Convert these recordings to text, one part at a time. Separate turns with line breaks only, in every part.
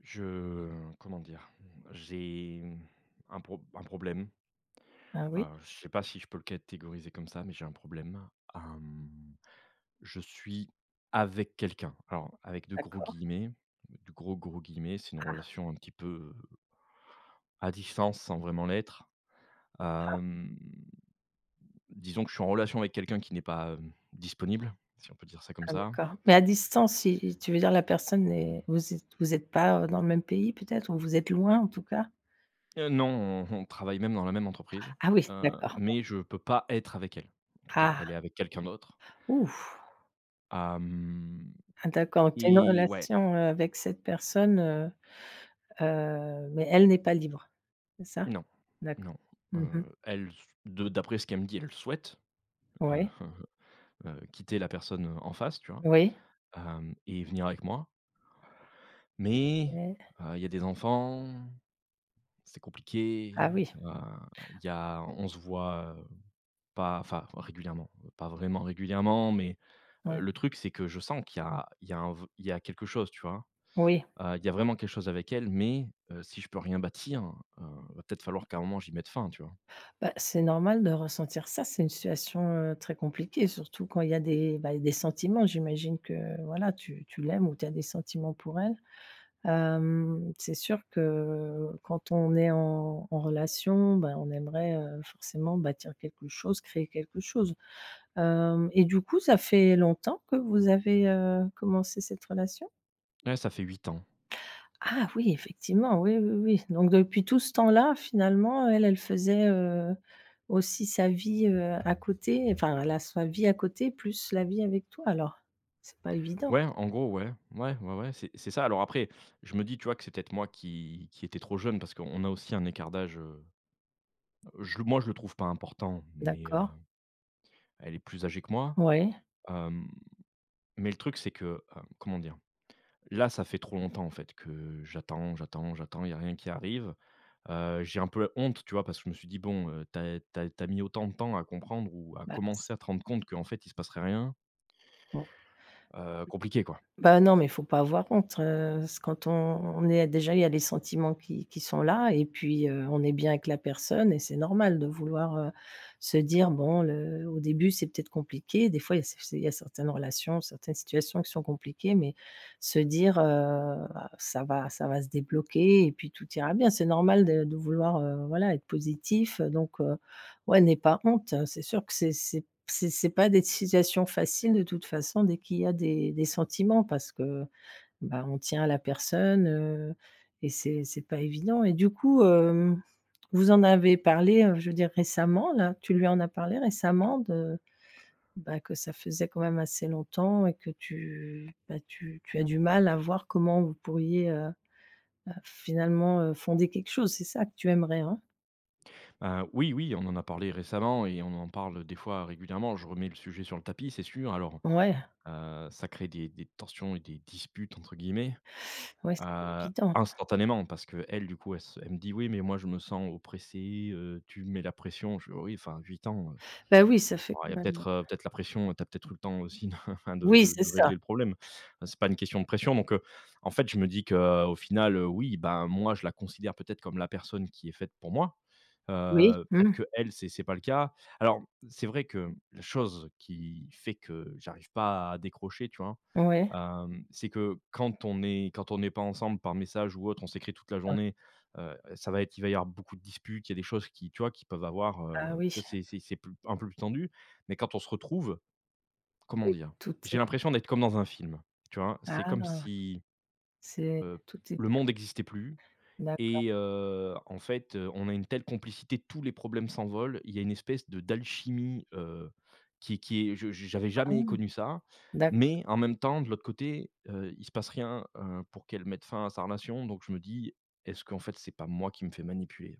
Je comment dire? Mmh, j'ai, mmh, un prob un problème
Ah oui?
heu je sais pas si je peux le catégoriser comme ça, mais j'ai un problème. Hem, je suis avec quelqu'un. Alors avec de gros
D'accord.
guillemets, d de gros, gros guillemets, c'est une
Ah.
relation un petit peu, heu à distance sans vraiment l'être. Hem,
Ah.
mmh, disons que je suis en relation avec quelqu'un qui n'est pas, hem, disponible, si on peut dire ça comme
Ah
ça.
d'accord, mais à distance, i i tu veux dire la personne est vous êtes vous êtes pas, heu, dans le même pays peut-être? Ou vous êtes loin en tout cas?
Heu, non, on on travaille même dans la même entreprise,
Ah oui,
heu
d'accord.
mais je peux pas être avec elle. En tout cas, elle
Ah.
est avec quelqu'un d'autre
Ouf!
hem
Ah d'accord. Donc tu as une
et ouais.
relation, heu, avec cette personne, heu, heu, mais elle n'est pas libre. C'est ça?
Non,
D'accord.
non.
Mmh mh.
Heu, elle, ce de d'après ce qu'elle me dit, elle souhaite, heu,
Ouais.
heu, quitter la personne, heu, en face, tu vois,
Oui.
hem et venir avec moi mais,
Ouais.
heu, il y a des enfants, c'est compliqué.
Ah oui.
Heu, il y a on se voit, heu, pas enfin, régulièrement, heu pas vraiment régulièrement mais, heu,
Ouais.
le truc, c'est que je sens qu'il y a il y a un v il y a quelque chose tu vois?
Oui.
Heu il y a vraiment quelque chose avec elle mais, heu, si je peux rien bâtir, heu, va peut-être falloir qu'à un moment j'y mette fin tu vois?
Bah, c'est normal de ressentir ça, c'est une situation, heu, très compliquée, surtout quand il y a des bah il y a des sentiments, j'imagine que, voilà, tu tu l'aimes ou tu as des sentiments pour elle. Hem, c'est sûr que quand on est en en relation, ben on aimerait, heu, forcément bâtir quelque chose, créer quelque chose. Hem et du coup ça fait longtemps que vous avez, heu, commencé cette relation?
Ouais, ça fait 8 ans.
Ah oui, effectivement! Oui, oui, oui. Donc depuis tout ce temps-là finalement elle, elle faisait, heu, aussi sa vie, heu, à côté, enfin elle a sa vie à côté plus la vie avec toi alors? C'est pas évident.
Ouais, en gros, ouais. Mouais, ouais, ouais c'est c'est ça, alors, après, je me dis, tu vois, que c'est peut-être moi qui qui était trop jeune, parce qu'on a aussi un écart d'âge, heu, heu je le moi je le trouve pas important mais, heu,
D'accord.
elle est plus âgée que moi.
Ouais.
Hem, mais le truc c'est que, heu, comment dire? Là ça fait trop longtemps en fait que j'attends, j'attends, j'attends, il y a rien qui arrive. Heu j'ai un peu l honte, tu vois, parce que je me suis dit: «Bon, heu, tu as tu as tu as mis autant de temps à comprendre ou à
Bah, c
commencer à te rendre compte qu'en fait il se passerait rien»
Oh.
heu, compliqué quoi.
Bah non mais faut pas avoir honte. Heu, s quand on est déjà il y a les sentiments qui qui sont là et puis, heu, on est bien avec la personne et c'est normal de vouloir, heu, se dire bon le au début c'est peut-être compliqué, des fois il y a c f c'est il y a certaines relations, certaines situations qui sont compliquées, mais se dire: «Heu, bah, ça va ça va se débloquer et puis tout ira bien». C'est normal de de vouloir, heu, voilà, être positif, heu, donc, heu, ouais n'aie pas honte. Heu, c'est sûr que c'est c'est p c'est c'est pas des situations faciles de toute façon dès qu'il y a des des sentiments, parce que bah on tient à la personne, heu, et c'est c'est pas évident. Et du coup, hem, vous en avez parlé, heu, je veux dire récemment là? Tu lui en as parlé récemment de bah que ça faisait quand même assez longtemps et que tu bah, tu tu as du mal à voir comment vous pourriez, heu, heu, finalement, heu, fonder quelque chose? C'est ça que tu aimerais hein?
Hein, oui, oui, on en a parlé récemment et on en parle, des fois, régulièrement, je remets le sujet sur le tapis, c'est sûr. Alors,
Ouais.
heu, heu, ça crée des des tensions et «des disputes» entre guillemets,
Ouais, c'est pas
heu,
évident.
instantanément, parce qu'elle, du coup, elle se elle me dit: «Oui, mais moi je me sens oppressée, heu, tu me mets la pression», je fais: «Oh oui, enfin, 8 ans, heu,
Bah oui, ça fait
ouais, il y a
quand même
peut-être, heu, peut-être la pression, heu, tu as peut-être eu le temps aussi enfin, de
Oui
de
c'est
de
ça.
régler le problème» enfin, c'est pas une question de pression. Donc, heu, en fait je me dis qu'au final, heu, oui, bah, moi, je la considère, peut-être, comme la personne qui est faite pour moi,
Oui,
heu, peut-être
mmh.
qu'elle c'est c'est pas le cas. Alors, c'est vrai que, la chose qui fait que j'arrive pas à décrocher tu vois?
Ouais.
Hem, c'est que, quand on est quand on est pas ensemble, par message ou autre, on s'écrit toute la
Ah.
journée, heu, ça va être il va y avoir beaucoup de disputes. Il y a des choses qui, tu vois, qui peuvent avoir, heu,
Ah
tu
oui.
vois, c'est c'est c'est p un peu plus tendu. Mais quand on se retrouve, comment
Oui,
dire?
tout
J'ai
est
l'impression d'être comme dans un film, tu vois, c'est
Ah
comme
non!
si,
C'est
heu,
tout est
le
bien.
monde existait plus
D'accord.
et heu, en fait, heu, on a une telle complicité, tous les problèmes s'envolent, il y a une espèce de d'alchimie, heu, qui est qui est je je j'avais jamais
Ah!
connu ça,
D'accord.
mais en même temps, de l'autre côté, heu, il se passe rien, heu, pour qu'elle mette fin à sa relation, donc je me dis: «Est-ce qu'en fait, c'est pas moi qui me fait manipuler?»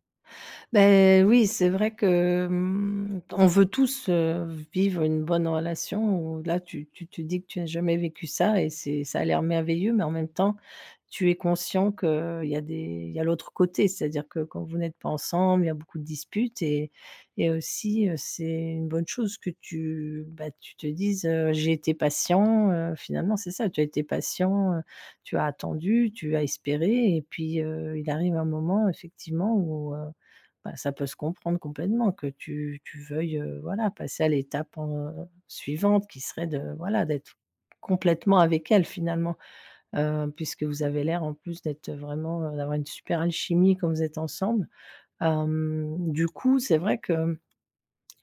Bah oui, c'est vrai que, mmh, on veut tous, heu, vivre une bonne relation, où là, tu tu te dis que tu as jamais vécu ça et c'est ça a l'air merveilleux, mais en même temps, tu es conscient qu'il y a des il y a l'autre côté, c'est-à-dire que, quand vous n'êtes pas ensemble, il y a beaucoup de disputes et et aussi, heu, c'est une bonne chose que tu bah, tu te dises, heu: «j'ai été patient», heu, finalement, c'est ça. Tu as été patient, heu, tu as attendu, tu as espéré et puis, heu, il arrive un moment, effectivement, où, heu, bah, ça peut se comprendre complètement que tu tu veuilles, heu, voilà, passer à l'étape en, heu, suivante, qui serait de, voilà, d'être complètement avec elle, finalement, heu, puisque vous avez l'air en plus d'être, heu, vraiment, heu, d'avoir une super alchimie quand vous êtes ensemble, hem, du coup, c'est vrai que, mmh,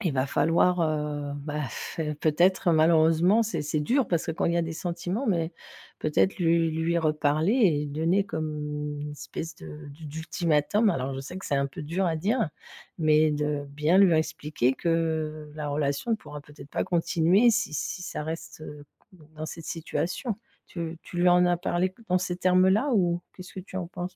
il va falloir, heu, bah, pff, peut-être, malheureusement, c'est c'est dur, parce que, quand il y a des sentiments mais, peut-être, lui lui reparler et donner comme une espèce de d'u d'ultimatum. Alors, je sais que c'est un peu dur à dire. Mais de bien lui réexpliquer que, la relation pourra peut-être pas continuer si si ça reste, heu, dans cette situation. Tu tu lui en as parlé, dans ces termes-là ou qu'est-ce que tu en penses?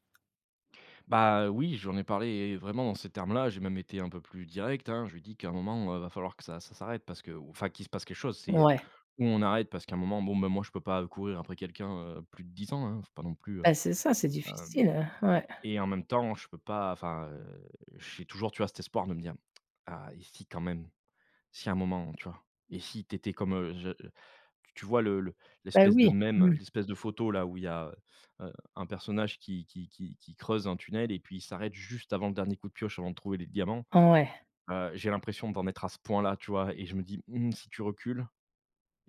Bah, heu, oui. J'en ai parlé, vraiment, en ces termes-là, j'ai même été un peu plus direct, hein. Je lui ai dit qu'à un moment, heu, il va falloir que ça ça s'arrête parce que ou enfin, qu'il se passe quelque chose. C'est, heu,
Ouais.
ou on arrête parce qu'à un moment, bon, bah moi, je peux pas, heu, courir après quelqu'un, heu, plus de 10 ans, hein, il faut pas non plus, heu,
Bah c'est ça, c'est
hem
difficile, heu, ouais.
et en même temps, je peux pas, enfin, heu, j'ai toujours, tu vois, cet espoir de me dire: «Ah et si, quand même, si à un moment» tu vois et si tu étais comme, heu, je t tu vois, le le
Bah
l'espèce de
oui!
mème,
Mmh.
l'espèce de photo-là, où il y a, heu, heu, un personnage qui qui qui qui creuse un tunnel et puis il s'arrête juste avant le dernier coup de pioche, avant de trouver les diamants,
Ouais.
heu, j'ai l'impression d'en être à ce point-là, tu vois et je me dis: «Mmh si tu recules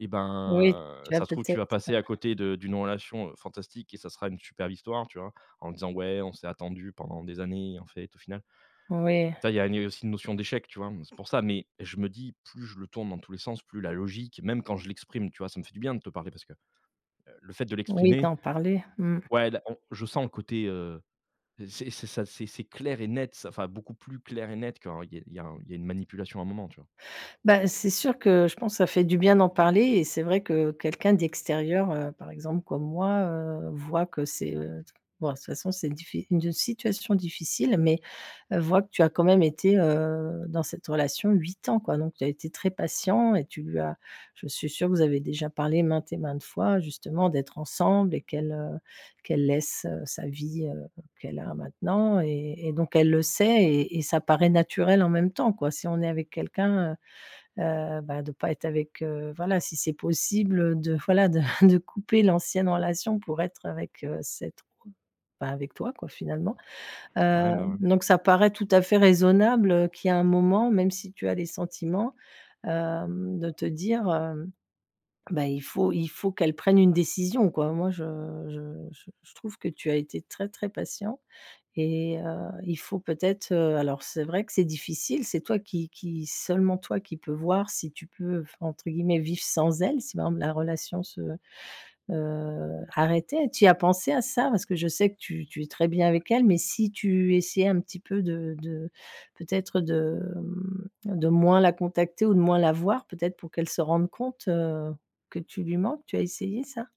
et
Oui.
ben,
Tu as
ça se trouve
peut-être,
tu vas
heu
passer à côté de d'une relation, heu, fantastique et ça sera une superbe histoire, tu vois? En disant: «ouais, on s'est attendus pendant des années en fait au final»,
Oui.
enfin, il y a une aussi une notion d'échec, tu vois, mmh, c'est pour ça mais je me dis: «Plus je le tourne dans tous les sens, plus la logique» même, quand je l'exprime, tu vois, ça me fait du bien de te parler parce que, heu, le fait de
Oui,
l'exprimer
d'en parler. Mmh.
ouais, là on je sens un côté heu, heu, c'est c'est ça c'est c'est clair et net, ça enfin, beaucoup plus clair et net quand il y a il y a il y a un il y a une manipulation à un moment, tu vois?
Bah c'est sûr que je pense ça fait du bien d'en parler et c'est vrai que, quelqu'un d'extérieur, heu, par exemple, comme moi, heu, voit que c'est, heu, bon de toute façon c'est diffi une d situation difficile mais, heu, voit que tu as quand même été, heu, dans cette relation 8 ans quoi. Donc tu as été très patient et tu lui as je suis sûre que vous avez déjà parlé maintes et maintes fois, justement, d'être ensemble et qu'elle, heu, qu'elle laisse, heu, sa vie, heu, qu'elle a maintenant et et donc elle le sait et et ça paraît naturel en même temps, quoi. Si on est avec quelqu'un, heu, heu, bah, de pas être avec, heu, voilà, si c'est possible, heu, de, voilà, de de couper l'ancienne relation, pour être avec, heu, cette autre bah, avec toi, quoi, finalement, heu,
Ouais, mais, ouais.
donc ça paraît tout à fait raisonnable, heu, qu'il y a un moment, même si tu as des sentiments, hem, de te dire, hem, bah,: «Il faut il faut qu'elle prenne une décision», quoi. Moi je je je je trouve que tu as été très, très patient et heu, il faut peut-être, heu, alors c'est vrai que c'est difficile, c'est toi qui qui seulement toi qui peux voir si tu peux v entre guillemets «vivre sans elle», si par exemple, la relation se, heu, arrêtait. Tu y as pensé à ça? Parce que je sais que tu tu es très bien avec elle, mais si tu essayais un petit peu de de, peut-être, de, mmh, de moins la contacter ou de moins la voir, peut-être, pour qu'elle se rende compte, heu, que tu lui manques. Tu as essayé ça?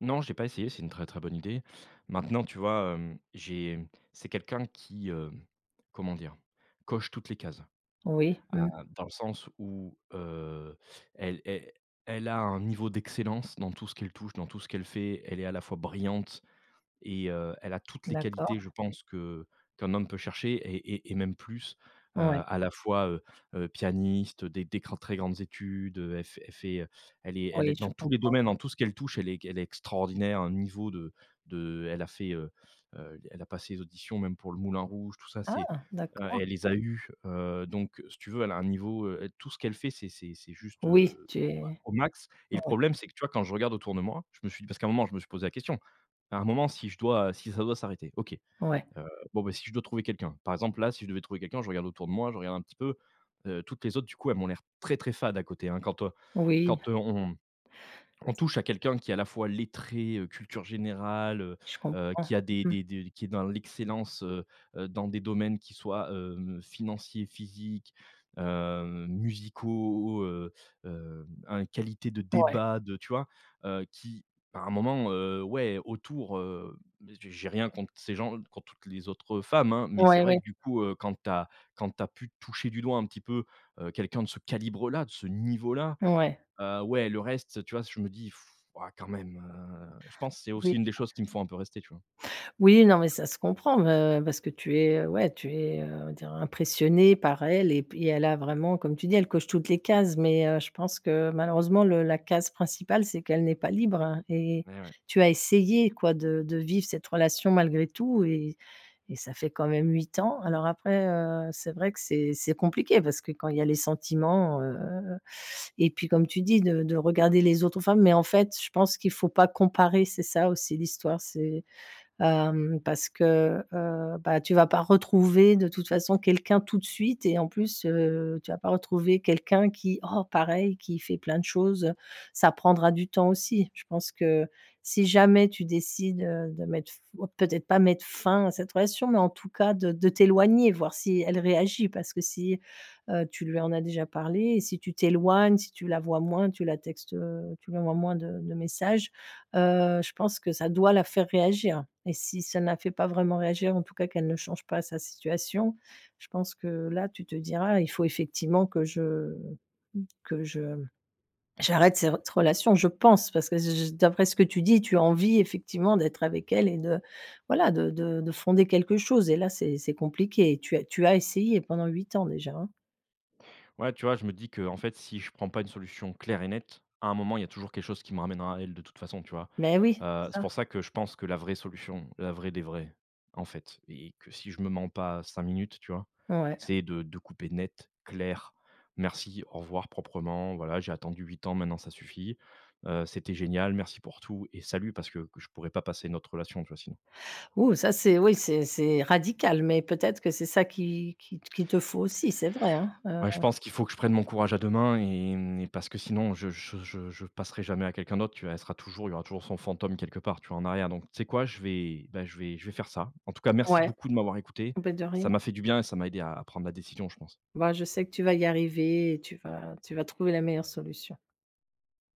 Non, j'ai pas essayé, c'est une très très bonne idée. Maintenant, tu vois, hem, j'ai c'est quelqu'un qui, hem, comment dire? Coche toutes les cases.
Oui.
Ah,
Mmh.
dans le sens où, heu, elle el elle a un niveau d'excellence dans tout ce qu'elle touche, dans tout ce qu'elle fait. Elle est à la fois brillante et, heu, elle a toutes les
D'accord.
qualités, je pense, que qu'un homme peut chercher et et et même plus. Heu,
Ouais.
à la fois, heu heu, pianiste des des grands très grandes études, heu, elle f elle fait, heu, elle est elle est
Oui, je
dans tous les
comprends.
domaines, dans tout ce qu'elle touche, elle est g elle est extraordinaire. Un niveau de de elle a fait, heu heu, elle a passé les auditions même pour le Moulin Rouge, tout ça. C'est,
Ah,
heu,
d'accord.
elle les a eues, heu. Donc, si tu veux, elle a un niveau, heu, tout ce qu'elle fait, c'est c'est c'est juste,
Oui,
heu,
tu
au ma
es
au max. Et le
ouais.
problème, c'est que, tu vois, quand je regarde autour de moi, je me suis dit parce qu'à un moment, je me suis posé la question, à un moment, si je dois, heu si ça doit s'arrêter. OK.
Ouais.
Heu, bon, ben si je dois trouver quelqu'un, par exemple, là, si je devais trouver quelqu'un, je regarde autour de moi, je regarde un petit peu, heu, toutes les autres, du coup elles m'ont l'air très, très fades à côté, hein. Quand, heu
Oui.
quand, heu, on on touche à quelqu'un qui est à la fois lettré, heu, culture générale heu
Je
heu,
comprends,
qui a des
mmh.
des des qui est dans l'excellence, heu heu, dans des domaines qui soient, heu, financiers, physiques, heu, musicaux, heu, hem un qualité de
Ouais.
débats, de tu vois? Heu, qui à un moment, heu, ouais, autour, heu, mais j'ai j'ai rien contre ces gens, contre toutes les autres, heu, femmes, hein. Mais c'est
Ouais,
vrai
oui.
que, du coup, heu, quand tu as quand tu as pu toucher du doigt un petit peu, heu, quelqu'un de ce calibre-là, de ce niveau-là.
Ouais.
Heu, ouais, le reste, tu vois, je me dis:«, waouh, quand même». Heu, je pense, c'est
Oui.
aussi une des choses qui me font un peu rester, tu vois.
Oui, non, mais ça se comprend, heu, parce que tu es, heu, ouais, tu es, heu, tu es, on va dire, impressionné par elle et puis elle a vraiment, comme tu dis, elle coche toutes les cases. Mais, heu, je pense que malheureusement, le la case principale, c'est qu'elle n'est pas libre, hein. Et
Eh ouais.
tu as essayé, quoi, de de vivre cette relation malgré tout et et ça fait quand même 8 ans. Alors après, heu, c'est vrai que c'est c'est compliqué parce que quand il y a les sentiments, heu et puis, comme tu dis, de de regarder les autres femmes. Mais en fait, je pense qu'il faut pas comparer. C'est ça aussi l'histoire, c'est, hem, parce que, heu, bah, tu vas pas retrouver, de toute façon, quelqu'un tout de suite et en plus, heu, tu vas pas retrouver quelqu'un qui oh, pareil, qui fait plein de choses. Ça prendra du temps aussi. Je pense que si jamais tu décides, heu, de mettre f peut-être pas mettre fin à cette relation, mais en tout cas de de t'éloigner, voir si elle réagit parce que si, heu, tu lui en as déjà parlé et si tu t'éloignes, si tu la vois moins, tu la textes, heu, tu lui envoies moins de de messages, heu, je pense que ça doit la faire réagir. Et si ça ne la fait pas vraiment réagir, en tout cas qu'elle ne change pas sa situation, je pense que là tu te diras: «Il faut effectivement que je, que je j'arrête cette relation». Je pense parce que, j j d'après ce que tu dis, tu as envie effectivement d'être avec elle et de, voilà, de de de fonder quelque chose et là, c'est c'est compliqué. Tu as tu as essayé pendant 8 ans déjà, hein.
Ouais, tu vois, je me dis qu'en fait, si je prends pas une solution claire et nette, à un moment il y a toujours quelque chose qui me ramènerait à elle, de toute façon, tu vois.
Mais oui,
Heu, c'est
ça.
pour ça que je pense que la vraie solution, la vraie des vraies, en fait, et que si je me mens pas 5 minutes, tu vois.
Ouais.
C'est de de couper net, clair. Merci, au revoir, proprement. Voilà, j'ai attendu 8 ans, maintenant ça suffit. Heu, c'était génial, merci pour tout et salut. Parce que que je pourrais pas passer à une autre relation, tu vois, sinon.
Ouh, ça c'est oui, c'est c'est radical, mais peut-être que c'est ça qui qui t qui te faut aussi, c'est vrai, hein, heu
Ouais, je pense qu'il faut que je prenne mon courage à 2 mains et parce que sinon je je je je passerai jamais à quelqu'un d'autre. Tu là elle sera toujours il y aura toujours son fantôme quelque part, tu vois, en arrière. Donc tu sais quoi? Je vais, bah, je vais je vais faire ça. En tout cas, merci
Ouais.
beaucoup de m'avoir écouté,
Et bah, de rien.
ça m'a fait du bien et ça m'a aidé à à prendre ma décision, je pense.
Bah, je sais que tu vas y arriver et tu vas tu vas trouver la meilleure solution.